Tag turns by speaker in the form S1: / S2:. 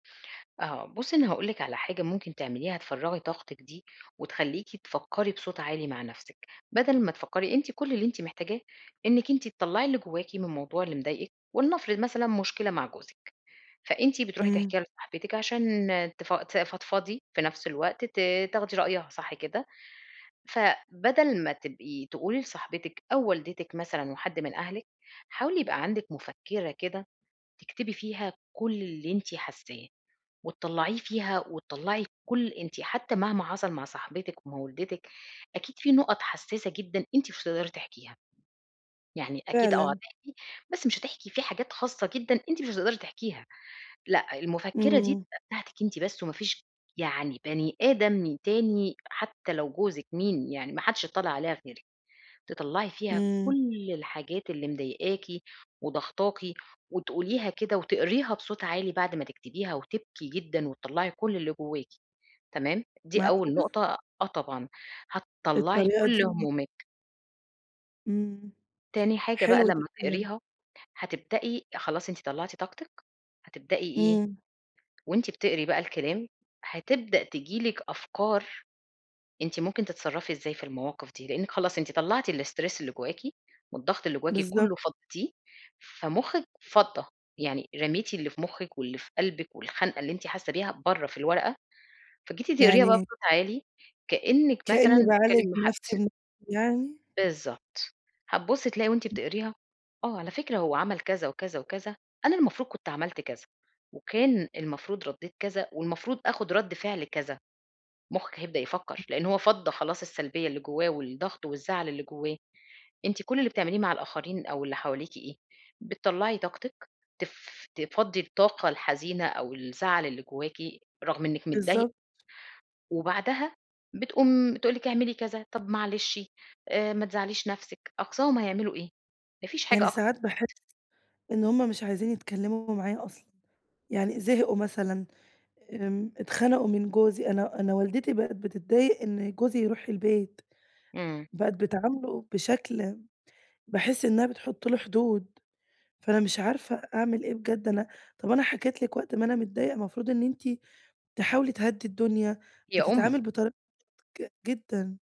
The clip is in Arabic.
S1: آه بُصّي، أنا هاقول لِك على حاجة ممكن تعمليها، تفرغي طاقتِك دي وتخليكِ تفكري بصوت عالي مع نفسك، بدل ما تفكري، أنتِ كل اللي أنتِ محتاجاه إنِك أنتِ تطلّعي اللي جواكِ من الموضوع اللي مضايقِك، ولنفرض مثلًا مشكلة مع جوزِك، فأنتِ بتروحي
S2: إمم.
S1: تحكيها لصاحبتِك عشان تف ت تفضفضي، في نفس الوقت ت تاخدي رأيها، صح كده؟ فبدل ما تبقي تقولي لصاحبتِك أو والدتِك مثلًا وحد من أهلِك، حاولي يبقى عندك مفكّرة كده تكتبي فيها كل اللي أنتِ حاساه وتطلّعيه فيها، وتطلّعي كل أنتِ حتى مهما حصل مع صاحبتِك ومع والدتِك أكيد في نُقط حساسة جدًا أنتِ مش هتقدري تحكيها. يعني أكيد آه
S2: فعلًا.
S1: هتحكي بس مش هتحكي في حاجات خاصة جدًا أنتِ مش هتقدري تحكيها، لأ، المفكرة دي
S2: إمم.
S1: تبقى بتاعتِك أنتِ بس، ومافيش يعني بني آدم تاني حتى لو جوزِك مين يعني، ما حدش يضطّلع عليها غيرِك، تطلّعي فيها
S2: إمم.
S1: كل الحاجات اللي مضايقاكِ وضاغطاكِ وتقوليها كده وتقريها بصوت عالي بعد ما تكتبيها، وتبكي جدًا وتطلّعي كل اللي جواكِ، تمام؟ دي أول
S2: معقولة!
S1: نقطة، آه طبعًا هتطلّعي
S2: الطريقة
S1: كل
S2: دي.
S1: همومِك.
S2: إمم
S1: تاني حاجة بقى
S2: حلو ده.
S1: لما
S2: [unintelligible]
S1: تقريها، هتبدئي خلاص أنتِ طلعتي طاقتِك، هتبدئي إيه؟
S2: إمم.
S1: وأنتِ بتقري بقى الكلام هتبدأ تيجي لِك أفكار أنتِ ممكن تتصرفي إزاي في المواقف دي، لأنِك خلاص أنتِ طلعتِ الstress اللي جواكِ والضغط اللي جواكِ
S2: بالضبط.
S1: كله فضيتيه، فمخِك فضّى، يعني رميتِ اللي في مخِك واللي في قلبِك والخنقة اللي أنتِ حاسة بيها بره في الورقة، فجيتِ تقريها بقى
S2: يعني
S1: بصوت عالي كأنِك
S2: كأني
S1: مثلًا
S2: باعالج
S1: بتتكلمي مع حد.
S2: نفسي بنفسي يعني؟
S1: بالضبط، هتبُصّي تلاقي وأنتِ بتقريها: آه على فكرة هو عمل كذا وكذا وكذا، أنا المفروض كنت عملت كذا، وكان المفروض رديت كذا، والمفروض أخد رد فعل كذا، مخك هيبدأ يفكر
S2: [unintelligible]
S1: لأن هو فضّى خلاص السلبية اللي جواه والضغط والزعل اللي جواه، أنتِ كل اللي بتعمليه مع الآخرين أو اللي حواليكِ إيه؟ بتطلعي طاقتِك، تف تفضّي الطاقة الحزينة أو الزعل اللي جواكِ رغم إنِك متضايق
S2: بالضبط.
S1: وبعدها بتقوم تقول لِك اعملي كذا، طب معلشِ آآ، ما تزعليش نفسِك، أقصاهم هيعملوا إيه؟ ما فيش
S2: يعني
S1: حاجة أكتر.
S2: ساعات باحس
S1: [unintelligible]
S2: إن همّ مش عايزين يتكلموا معايا أصلًا، يعني زهقوا مثلًا، آمم اتخنقوا من جوزي، أنا أنا والدتي بقت بتتضايق إن جوزي يروح البيت،
S1: إمم.
S2: بقت بتعامله بشكل باحس إنها بتحط له حدود، فأنا مش عارفة أعمل إيه بجد، أنا طب أنا حكيت لِك وقت ما أنا متضايقة، المفروض إن أنتِ تحاولي تهدي الدنيا،
S1: هي أم.
S2: بتتعامل بطريقة ج جدًا.